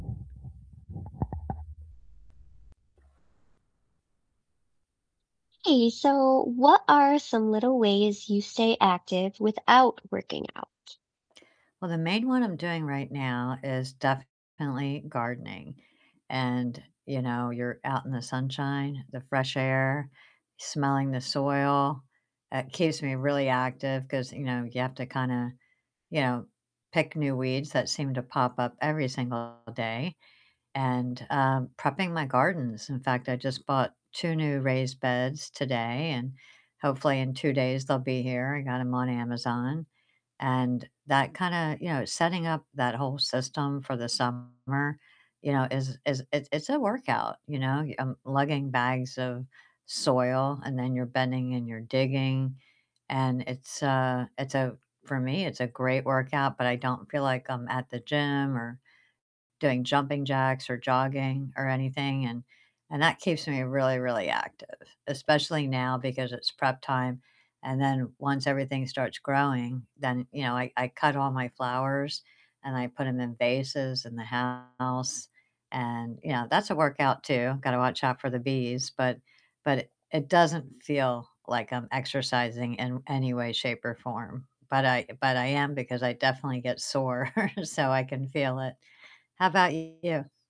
Hey, so what are some little ways you stay active without working out? Well, the main one I'm doing right now is definitely gardening, and, you know, you're out in the sunshine, the fresh air, smelling the soil, it keeps me really active, 'cause, you know, you have to kinda, you know, pick new weeds that seem to pop up every single day, and, um, prepping my gardens, In fact, I just bought 2 new raised beds today, and hopefully in 2 days they'll be here, I got 'em on Amazon, and that kinda, you know, setting up that whole system for the summer, you know, is is it's it's a workout, you know, um, lugging bags of soil, and then you're bending and you're digging, and it's, uh it's a for me, it's a great workout, but I don't feel like I'm at the gym or doing jumping jacks or jogging or anything and and that keeps me really, really active, especially now because it's prep time, and then once everything starts growing, then, you know, I I cut all my flowers and I put 'em in vases in the house and, you know, that's a workout too, gotta watch out for the bees, but but it doesn't feel like I'm exercising in any way, shape, or form, but I but I am because I definitely get sore, so I can feel it. How about you?